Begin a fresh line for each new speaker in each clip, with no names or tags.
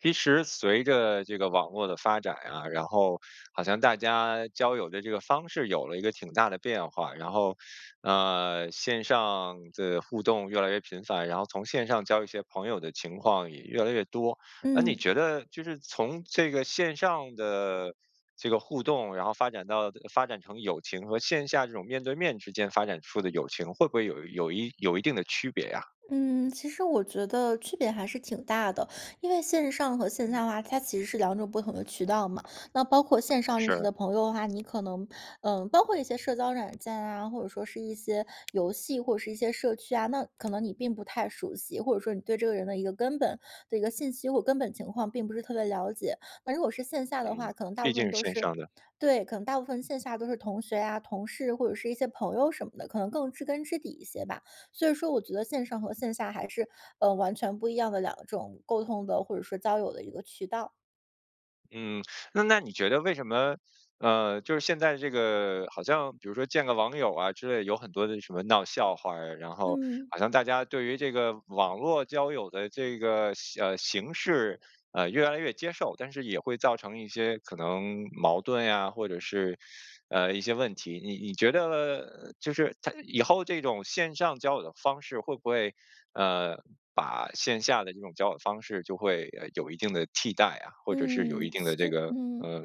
其实随着这个网络的发展呀，然后好像大家交友的这个方式有了一个挺大的变化。然后，呃，线上的互动越来越频繁，然后从线上交一些朋友的情况也越来越多。那你
嗯。
觉得就是从这个线上的这个互动，然后发展到发展成友情，和线下这种面对面之间发展出的友情，会不会有有一有一定的区别呀？
嗯，其实我觉得区别还是挺大的，因为线上和线
嗯。
下的话，它其实是两种不同的渠道嘛。那包括线上认识
是。
的朋友的话，你可能，呃，包括一些社交软件啊，或者说是一些游戏，或者是一些社区啊，那可能你并不太熟悉，或者说你对这个人的一个根本的一个信息或根本情况并不是特别了解。那如果是线下的
嗯，
话，可能大
毕
部
竟
分
是
都
线
是
上的。
对，可能大部分线下都是同学啊，同事或者是一些朋友什么的，可能更知根知底一些吧。所以说我觉得线上和线下还是，呃，完全不一样的两种沟通的，或者说交友的一个渠道。
嗯，那那你觉得为什么，呃，就是现在这个好像比如说见个网友啊之类有很多的什么闹笑话儿呀，然后
嗯。
好像大家对于这个网络交友的这个形呃，形式，呃，越来越接受，但是也会造成一些可能矛盾呀，或者是，呃，一些问题。你你觉得，呃，就是它以后这种线上交友的方式会不会，呃，把线下的这种交往方式就会，呃，有一定的替代啊，或者是有
嗯，
一定的
其
这
实
个，
嗯，
呃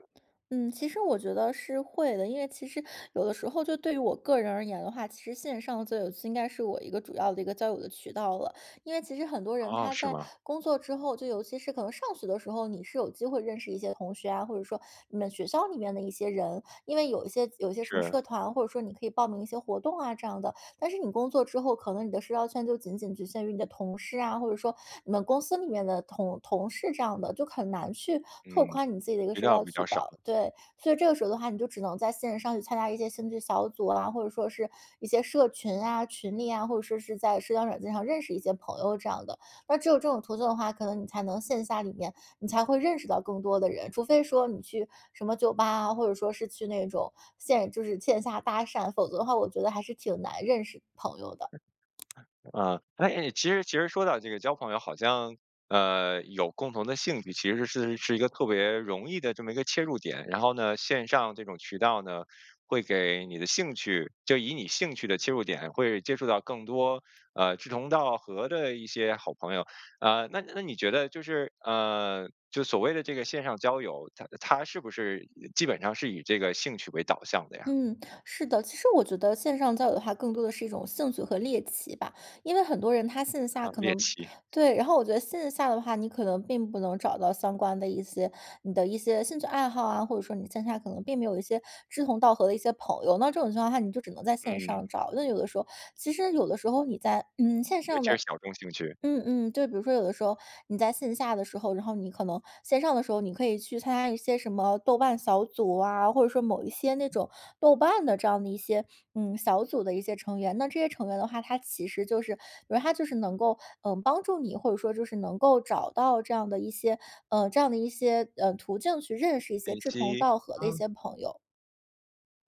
嗯，其实我觉得是会的。因为其实有的时候就对于我个人而言的话，其实线上最应该是我一个主要的一个交友的渠道了，因为其实很多人
哦，
他
是
在
吗？
工作之后，就尤其是可能上学的时候，你是有机会认识一些同学啊，或者说你们学校里面的一些人，因为有一些有一些什么
是。
社团，或者说你可以报名一些活动啊这样的。但是你工作之后，可能你的社交圈就仅仅局限于你的同事啊，或者说你们公司里面的同同事这样的，就很难去拓
嗯，
宽你自己的一个
比
社
较
交
比
渠
较少。
道。对，所以这个时候的话，你就只能在线上去参加一些兴趣小组啊，或者说是一些社群啊，群里啊，或者说是在社交软件上认识一些朋友这样的，那只有这种途径的话，可能你才能线下里面你才会认识到更多的人，除非说你去什么酒吧啊，或者说是去那种线就是线下搭讪，否则的话我觉得还是挺难认识朋友的。
啊，哎，其实其实说到这个交朋友，好像，呃，有共同的兴趣，其实是是一个特别容易的这么一个切入点。然后呢，线上这种渠道呢，会给你的兴趣就以你兴趣的切入点会接触到更多，呃，志同道合的一些好朋友，啊，那那你觉得就是，呃，就所谓的这个线上交友，它它是不是基本上是以这个兴趣为导向的呀？
嗯，是的，其实我觉得线上交友的话更多的是一种兴趣和猎奇吧，因为很多人他线下
呃，
可
猎
能
奇。
对，然后我觉得线下的话，你可能并不能找到相关的一些，你的一些兴趣爱好啊，或者说你线下可能并没有一些志同道合的一些朋友，那这种情况下你就只能在线
嗯。
上找，那有的时候其实有的时候你在嗯，线
尤
上
其是
的
小众兴趣。
嗯嗯，就比如说有的时候，你在线下的时候，然后你可能线上的时候你可以去参加一些什么豆瓣小组啊，或者说某一些那种豆瓣的这样的一些，嗯，小组的一些成员，那这些成员的话，他其实就是，因为他就是能够，呃，帮助你，或者说就是能够找到这样的一些，呃，这样的一些，呃，途径去认识一些志同
[unintelligible]
道合的一
嗯。
些朋友。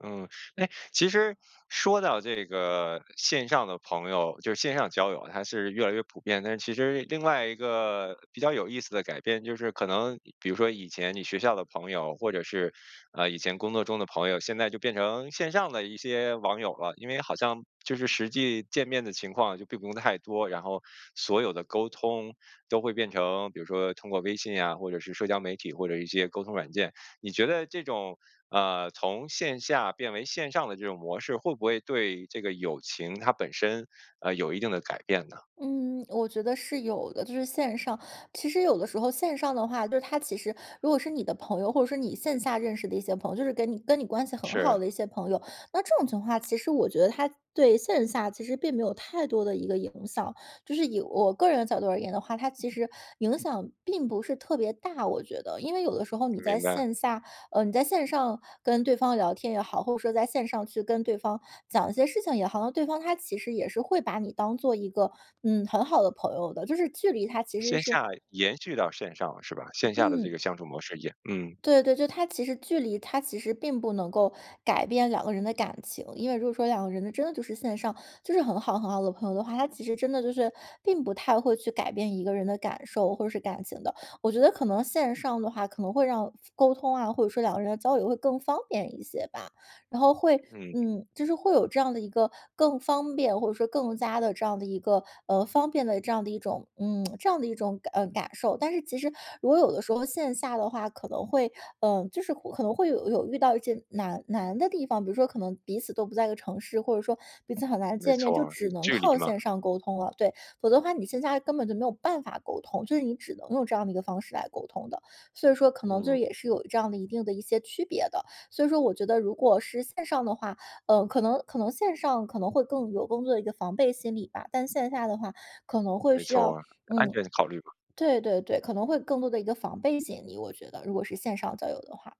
嗯，是哎，其实说到这个线上的朋友，就是线上交友，它是越来越普遍，但是其实另外一个比较有意思的改变，就是可能比如说以前你学校的朋友，或者是，呃，以前工作中的朋友，现在就变成线上的一些网友了。因为好像就是实际见面的情况就并不用太多，然后所有的沟通都会变成，比如说通过微信呀，或者是社交媒体或者一些沟通软件。你觉得这种，呃，从线下变为线上的这种模式，会不会对这个友情它本身，啊，有一定的改变呢？
嗯，我觉得是有的，就是线上，其实有的时候线上的话，就是它其实，如果是你的朋友，或者是你线下认识的一些朋友，就是跟你跟你关系很好
是。
的一些朋友，那这种情况的话其实我觉得它对线下其实并没有太多的一个影响。就是以我个人的角度而言的话，它其实影响并不是特别大，我觉得。因为有的时候你在
明白。
线下，呃，你在线上跟对方聊天也好，或者说在线上去跟对方讲一些事情也好，好像对方他其实也是会把你当做一个，嗯，很好的朋友的。就是距离它其实
线
是
下延续到线上是吧？线下的这个
嗯。
相处模式也嗯。
对对对，就它其实距离它其实并不能够改变两个人的感情，因为如果说两个人真的就是线上就是很好很好的朋友的话，它其实真的就是并不太会去改变一个人的感受或者是感情的。我觉得可能线上的话，可能会让复沟通啊，或者说两个人的交流会更方便一些吧。然后会，
嗯。
嗯，就是会有这样的一个更方便，或者说更加地这样的一个，呃，方便的这样的一种，嗯，这样的一种，啊，感受。但是其实，如果有的时候线下的话可能会，呃，就是可能会有有遇到一些难难的地方，比如说可能彼此都不在一个城市，或者说彼此很难
没
见面，
错
就
儿。呃，
只能
距离
靠
嘛。
线上沟通了。对，否则的话你线下根本就没有办法沟通，所以你只能用这样的一个方式来沟通的。所以说可能就
嗯。
是也是有这样的一定的一些区别的。所以说我觉得如果是线上的话，呃，可能可能线上可能会更有工作的一个防备心理吧。但线下的话可能会
没
需
错
要，
儿。安
嗯
全考虑嘛。
对对对，可能会更多的一个防备心理，我觉得，如果是线上交友的话。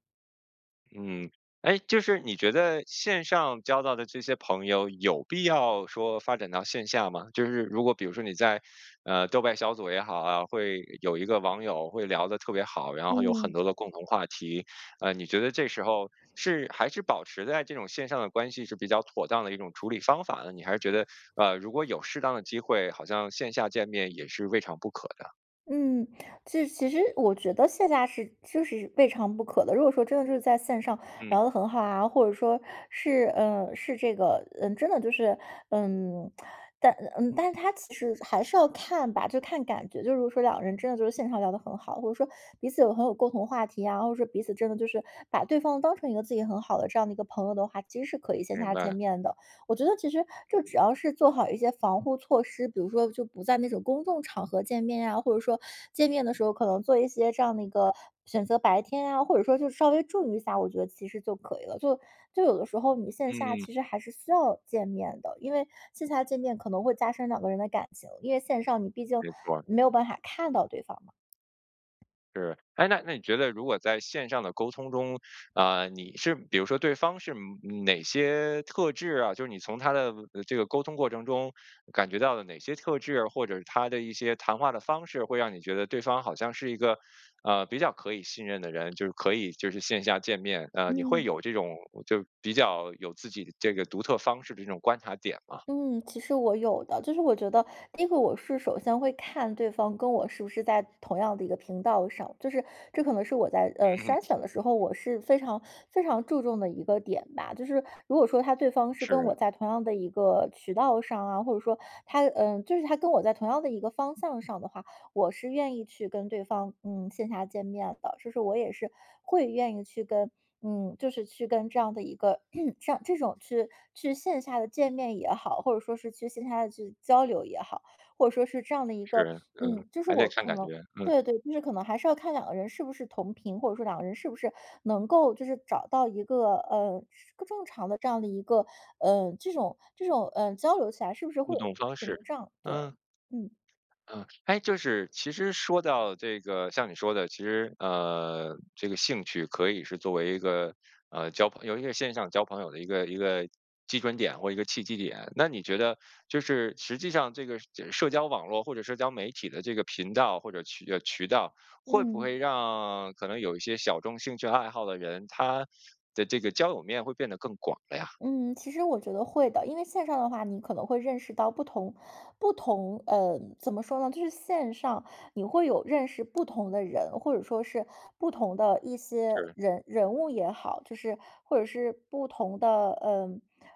嗯，诶，就是你觉得线上交到的这些朋友有必要说发展到线下吗？就是如果比如说你在，呃，豆瓣小组也好啊，会有一个网友，会聊得特别好，然后有很
嗯。
多的共同话题。呃，你觉得这时候，是还是保持在这种线上的关系是比较妥当的一种处理方法呢？你还是觉得，啊，如果有适当的机会，好像线下见面也是未尝不可的？
嗯，其实其实我觉得线下是就是未尝不可的。如果说真的是在线上
嗯。
聊得很好啊，或者说，是呃，是这个嗯，真的就是嗯，但嗯，但它其实还是要看吧，就看感觉，就是说两个人真的就是线上聊得很好，或者说彼此有很有共同话题啊，或者说彼此真的就是把对方当成一个自己很好的这样的一个朋友的话，其实是可以线
明
下见
白。
面的。我觉得其实就只要是做好一些防护措施，比如说就不在那种公众场合见面啊，或者说见面的时候可能做一些这样的一个选择白天啊，或者说就稍微注意一下，我觉得其实就可以了。就就有的时候你线下
嗯。
其实还是需要见面的，因为线下见面可能会加深两个人的感情，因为线上你毕竟
没错儿。
没有办法看到对方嘛。
是。诶，那那你觉得如果在线上的沟通中，啊，你是比如说对方是，嗯，哪些特质啊，就是你从他的，呃，这个沟通过程中感觉到了哪些特质？或者他的一些谈话的方式会让你觉得对方好像是一个，呃，比较可以信任的人？就是可以就是线下见面，呃，你会
嗯。
有这种就比较有自己的这个独特方式的这种观察点吗？
嗯，其实我有的。就是我觉得第一个我是首先会看对方跟我是不是在同样的一个频道上，就是这可能是我在，呃，
嗯哼。
筛选的时候，我是非常非常注重的一个点吧。就是如果说他对方是跟我
是。
在同样的一个渠道上啊，或者说他呃，就是他跟我在同样的一个方向上的话，我是愿意去跟对方，嗯，线下见面的。是说我也是会愿意去跟嗯，就是去跟这样的一个 像这种去去线下的见面也好，或者说是去线下的去交流也好，或者说是这样的一个，
是，嗯，
嗯，就是
还得
我
看
可
感
能
觉，嗯。
对对，就是可能还是要看两个人是不是同频，或者说两个人是不是能够就是找到一个，呃，正常的这样的一个，呃，这种这种，呃，交流起来是不是会
互
有，
动方
屏
式，
障，对，
嗯。
嗯。
嗯。诶，就是其实说到这个像你说的，其实，呃，这个兴趣可以是作为一个，呃，交朋友因为线上交朋友的一个一个基准点或一个契机点，那你觉得就是实际上这个这社交网络或者社交媒体的这个频道或者渠呃，渠道，会不会
嗯。
让可能有一些小众兴趣爱好的人，他的这个交友面会变得更广了呀？
嗯，其实我觉得会的。因为线上的话，你可能会认识到不同不同，呃，怎么说呢？就是线上你会有认识不同的人，或者说是不同的一些
是。
人人物也好，就是或者是不同的，呃，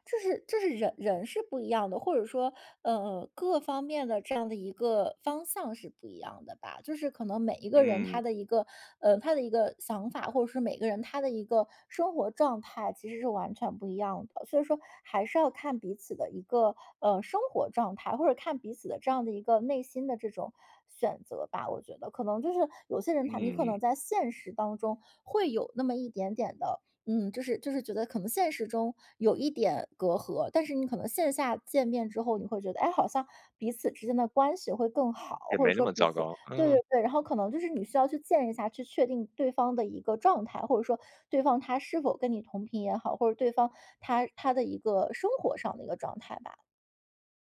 就是就是人人是不一样的，或者说，呃，各方面的这样的一个方向是不一样的吧。就是可能每一个人
嗯。
他的一个，呃，他的一个想法，或者是每个人他的一个生活状态其实是完全不一样的。所以说还是要看彼此的一个，呃，生活状态，或者看彼此的这样的一个内心的这种选择吧，我觉得，可能就是有些人他你可
嗯。
能在现实当中会有那么一点点的，嗯，就是就是觉得可能现实中有一点隔阂。但是你可能线下见面之后，你会觉得，诶，好像彼此之间的关系会更好。
也
或者
没那
说
么
彼
糟
此
糕，
对对
嗯。
对，然后可能就是你需要去见一下，去确定对方的一个状态，或者说对方他是否跟你同频也好，或者对方他他的一个生活上的一个状态吧。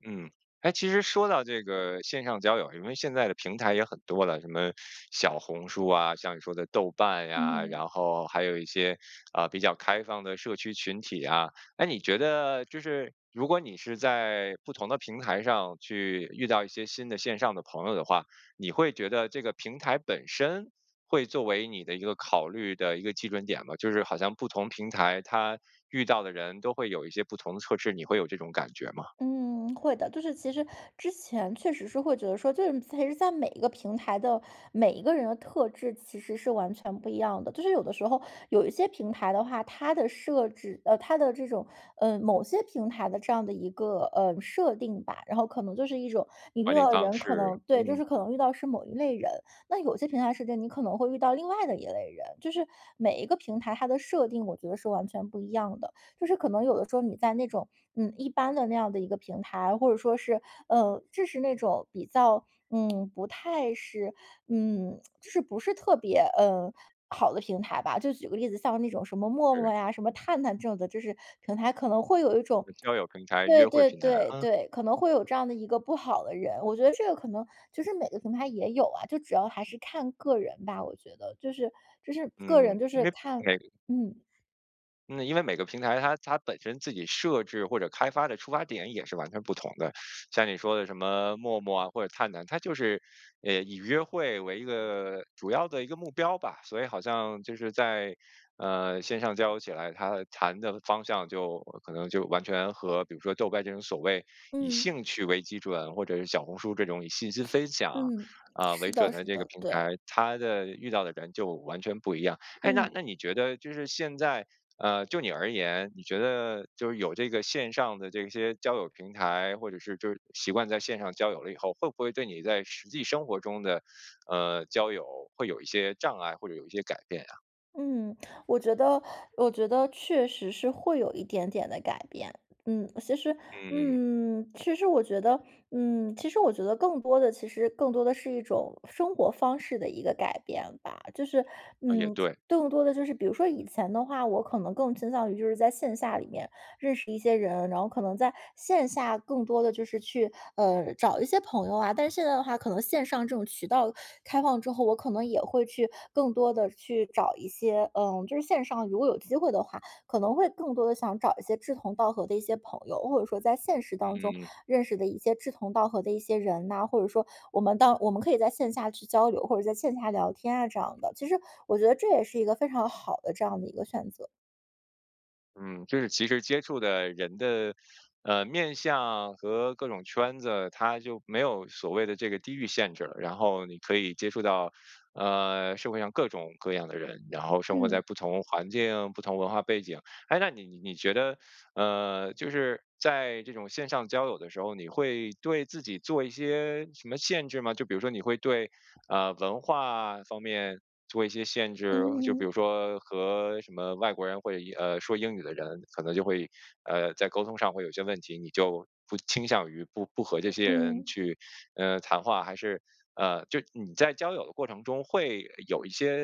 嗯。诶，其实说到这个线上交友，因为现在的平台也很多了，什么小红书啊，像你说的豆瓣呀，
嗯。
然后还有一些，呃，比较开放的社区群体啊。诶，你觉得就是如果你是在不同的平台上去遇到一些新的线上的朋友的话，你会觉得这个平台本身会作为你的一个考虑的一个基准点吗？就是好像不同平台它遇到的人都会有一些不同的特质，你会有这种感觉吗？
嗯，会的。就是其实之前确实是会觉得说，就是其实在每一个平台的每一个人的特质其实是完全不一样的。就是有的时候有一些平台的话，它的设置，呃它的这种，呃某些平台的这样的一个，呃，设定吧然后可能就是一种你
管
遇
理
到的
方
人，可
式。
能对，就
嗯。
是可能遇到是某一类人，那有些平台设置是你可能会遇到另外的一类人，就是每一个平台，它的设定我觉得是完全不一样的。就是可能有的时候你在那种，嗯，一般的那样的一个平台，或者说是，呃就是那种比较，嗯不太是，嗯，就是不是特别，呃，好的平台吧。就举个例子，像那种什么默
是。
默呀，什么探探这种的就是平台，可能会有一种
这交友平台，约
对
会
对
平台。
对
嗯。
对，可能会有这样的一个不好的人，我觉得这个可能就是每个平台也有啊，就主要还是看个人吧，我觉得就是就是个
嗯，
人就
因
是
为
看
每
嗯。
嗯，因为每个平台它它本身自己设置或者开发的出发点也是完全不同的。像你说的什么默默啊或者探探，它就是，呃，以约会为一个主要的一个目标吧。所以好像就是在，呃，线上交流起来，他谈的方向就可能就完全和比如说豆瓣这种所谓以
嗯。
兴趣为基准，或者是小红书这种以信息分享，
嗯。
呃，
是
为准
的
的
是
这个
的，
平
对。
台，它的遇到的人就完全不一样。哎，那
嗯。
那你觉得就是现在，呃，就你而言，你觉得就是有这个线上的这些交友平台，或者是就是习惯在线上交友了以后，会不会对你在实际生活中的，呃，交友会有一些障碍，或者有一些改变呀？
嗯，我觉得我觉得确实是会有一点点的改变。嗯，其实
嗯。
嗯，其实我觉得嗯，其实我觉得更多的其实更多的是一种生活方式的一个改变吧。就是，
呃，也
嗯，
对。
更多的就是比如说以前的话，我可能更倾向于就是在线下里面认识一些人，然后可能在线下更多地就是去，呃，找一些朋友啊。但现在的话可能线上这种渠道开放之后，我可能也会去更多地去找一些嗯，就是线上如果有机会的话，可能会更多地想找一些志同道合的一些朋友。或者说在现实当中
嗯。
认识的一些志同道合的一些人呐，或者说我们到我们可以在线下去交流，或者在线下聊天啊，这样的。其实我觉得这也是一个非常好的这样的一个选择。
嗯，就是其实接触的人的，呃，面向和各种圈子，它就没有所谓的这个地域限制了。然后你可以接触到，呃，社会上各种各样的人，然后生活在
嗯。
不同环境，不同文化背景。诶，那你你觉得，呃，就是在这种线上交友的时候，你会对自己做一些什么限制吗？就比如说你会对，啊，文化方面做一些限制？就比
嗯。
如说和什么外国人会英啊，说英语的人可能就会，呃，在沟通上会有一些问题，你就不倾向于不不和这些
嗯，
人
嗯。
去，呃，谈话还是，呃，就你在交友的过程中会呃有一些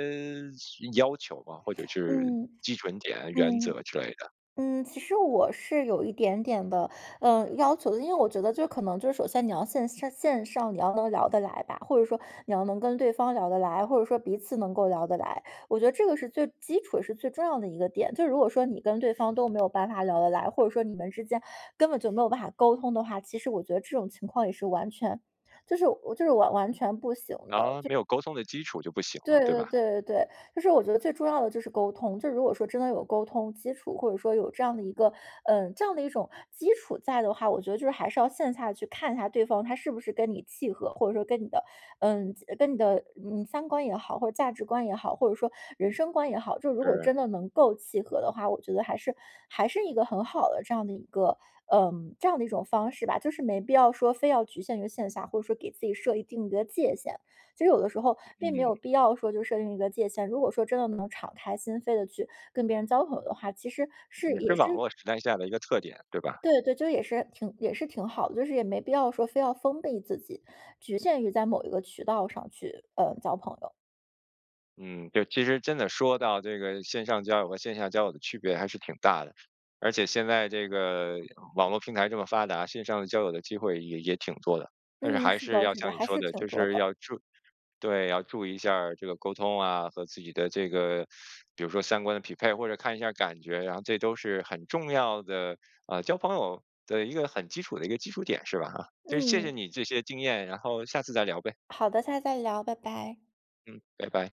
什呃要求吗？或者是
嗯，
基准点原
嗯，
则之类的？
嗯，其实我是有一点点的，呃，要求的。因为我觉得，就是可能就是首先你要先线上线上你要能聊得来吧，或者说你要能跟对方聊得来，或者说彼此能够聊得来。我觉得这个是最基础的，也是最重要的一个点。就如果说你跟对方都没有办法聊得来，或者说你们之间根本就没有办法沟通的话，其实我觉得这种情况也是完全，就是我就是我完全不行的。
啊，
就
没有沟通的基础就不行
对
了，对
对
吧？
对对对，就是我觉得最重要的就是沟通，就是如果说真的有沟通基础，或者说有这样的一个，呃，这样的一种基础在的话，我觉得就是还是要线下去看一下对方他是不是跟你契合，或者说跟你的，呃，跟你的嗯，三观也好，或者价值观也好，或者说人生观也好，就是如果
是。
真的能够契合的话，我觉得还是还是一个很好的，这样的一个，呃，这样的一种方式吧。就是没必要说非要局限于线下，或者说给自己设一定的界限。其实有的时候并没
嗯。
有必要说就设定一个界限。如果说真的能敞开心扉地去跟别人交朋友的话，其实是
也是
也
网
是
络时代下的一个特点，对吧？
对对对，就是也是也是挺好的，就是也没必要说非要封闭自己，局限于在某一个渠道上去，呃，交朋友。
嗯，对，其实真的说到这个线上交友和线下交友的区别还是挺大的。而且现在这个网络平台这么发达，线上交友的机会也也挺多的，但是
嗯，
还
是
是
的，
要
是的，
像你
还
说
是
的
挺
就
多
是
的。
要注对，要注意一下这个沟通啊，和自己的这个 比如说三观的匹配，或者看一下感觉，然后这都是很重要的，呃，交朋友的一个很基础的一个基础点是吧？就是谢
嗯。
谢你这些经验，然后下次再聊呗。
好的下次再聊。拜拜。
嗯。拜拜。